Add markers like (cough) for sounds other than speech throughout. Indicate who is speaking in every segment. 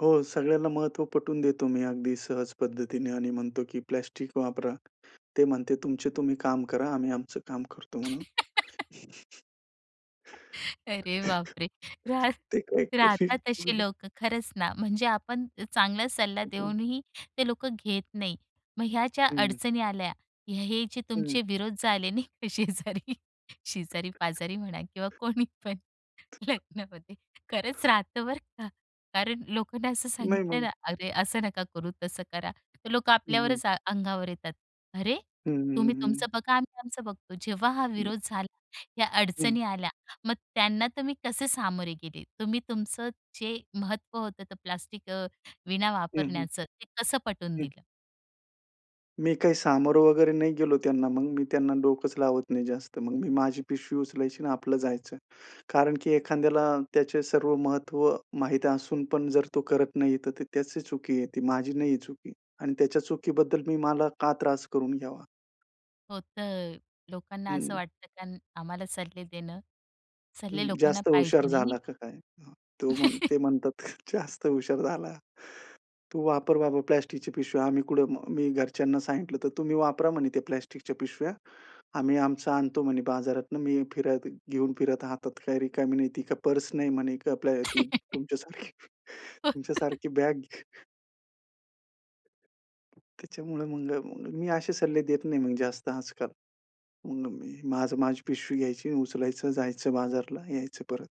Speaker 1: हो, सगळ्यांना महत्त्व पटवून देतो मी अगदी सहज पद्धतीने आणि म्हणतो की प्लास्टिक वापरा. ते म्हणते, "तुमचे तुम्ही काम करा, आम्ही आमचं काम करतो," म्हणून.
Speaker 2: (laughs) अरे बापरे! राह
Speaker 1: (laughs) ते काय कुठली
Speaker 2: राहतात
Speaker 1: हं,
Speaker 2: असे
Speaker 1: हं.
Speaker 2: लोक खरंच ना. म्हणजे आपण चांगला सल्ला
Speaker 1: हं, हं.
Speaker 2: देऊनही ते लोक घेत नाहीत. मग ह्या ज्या
Speaker 1: हं.
Speaker 2: अडचणी आल्या, हे जे
Speaker 1: हं.
Speaker 2: तुमचे विरोध झाले नाही का, शेजारी, शेजारी-पाजारी म्हणा किंवा कोणी पण. लग्नामध्ये खरंच राहतं बरं का. कारण लोकांना असं
Speaker 1: नाही,
Speaker 2: सांगितलं
Speaker 1: मग
Speaker 2: ना, "अरे असं नका करू, तसं करा." तर लोक
Speaker 1: हं, हं.
Speaker 2: आपल्यावरच अंगावर येतात, "अरे,
Speaker 1: हं, हं.
Speaker 2: तुम्ही
Speaker 1: हं.
Speaker 2: तुमचं बघा, आम्ही आमचं बघतो." जेव्हा हा
Speaker 1: (unintelligible)
Speaker 2: विरोध झाला, या
Speaker 1: हं.
Speaker 2: अडचणी आल्या, मग त्यांना तुम्ही कसे सामोरे गेलेत? तुम्ही तुमचं जे महत्त्व होतं ते प्लास्टिक अ, विना
Speaker 1: हं, हं.
Speaker 2: वापरण्याचं, ते कसं पटवून
Speaker 1: हं.
Speaker 2: दिलं?
Speaker 1: मी काही सामोरे वगैरे नाही गेलो त्यांना. मग मी त्यांना डोकंच लावत नाही जास्त. मग मी माझी पिशवी उचलायची आणि आपलं जायचं. कारण की एखाद्याला त्याचे सर्व महत्त्व माहीत असून पण जर तो करत नाहीये, तर ती त्याची चुकी आहे. ती माझी नाहीये चुकी. आणि त्याच्या चुकीबद्दल मी मला का त्रास करून घ्यावा.
Speaker 2: होतं, लोकांना असं
Speaker 1: हं.
Speaker 2: वाटतं कारण त्यां आम्हाला सल्ले देणं. सल्ले
Speaker 1: हं,
Speaker 2: लोकांना
Speaker 1: जास्त हुशार
Speaker 2: पाहिजे नाही आणि
Speaker 1: झाला का काय? हं. तो म्हण
Speaker 2: (laughs)
Speaker 1: ते म्हणतात जास्त हुशार झाला. तू वापर बाबा प्लास्टिकच्या पिशव्या, आम्ही कुठं. मी घरच्यांना सांगितलं तर, तुम्ही वापरा म्हणे त्या प्लास्टिकच्या पिशव्या. आम्ही आमचं आणतो म्हणे बाजारातनं, मी फिरत घेऊन फिरत हातात, काही रिकामी नाही, ती काय पर्स नाही म्हणे आपल ती
Speaker 2: (laughs)
Speaker 1: तुमच्यासारखी.
Speaker 2: (laughs)
Speaker 1: तुमच्यासारखी बॅग त्याच्यामुळे म्हणलं म मी असे सल्ले देत नाही मग जास्त आजकाल. मग मी माझं माझी पिशवी घ्यायची उचलायचं जायचं बाजारला यायचं परत.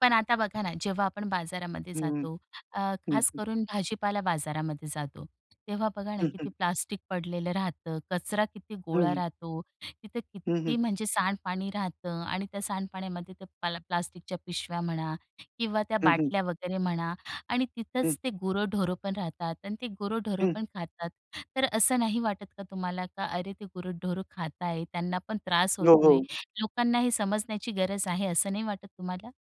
Speaker 2: पण आता बघा ना, जेव्हा आपण बाजारामध्ये
Speaker 1: हं.
Speaker 2: जातो, अ,
Speaker 1: हं.
Speaker 2: खास
Speaker 1: हं.
Speaker 2: करून भाजीपाला बाजारामध्ये जातो. तेव्हा बघा ना,
Speaker 1: हं, हं.
Speaker 2: किती प्लास्टिक पडलेलं राहतं, कचरा किती
Speaker 1: हं,
Speaker 2: गोळा
Speaker 1: हं.
Speaker 2: राहतो, तिथं
Speaker 1: हं, हं.
Speaker 2: किती म्हणजे सांडपाणी राहतं आणि त्या सांडपाण्यामध्ये ते प्ला प्लास्टिकच्या पिशव्या म्हणा किंवा त्या
Speaker 1: हं, हं.
Speaker 2: बाटल्या वगैरे म्हणा आणि
Speaker 1: हं.
Speaker 2: तिथंच ते गुरंढोरं पण राहतात आणि ते गुरंढोरं
Speaker 1: हं.
Speaker 2: पण खातात. तर असं नाही वाटत का तुम्हाला की "अरे, ते गुरंढोरं खात आहेत, त्यांना पण त्रास
Speaker 1: हो,
Speaker 2: होतोय,
Speaker 1: हो.
Speaker 2: लोकांना हे समजण्याची गरज आहे." असं नाही वाटत तुम्हाला?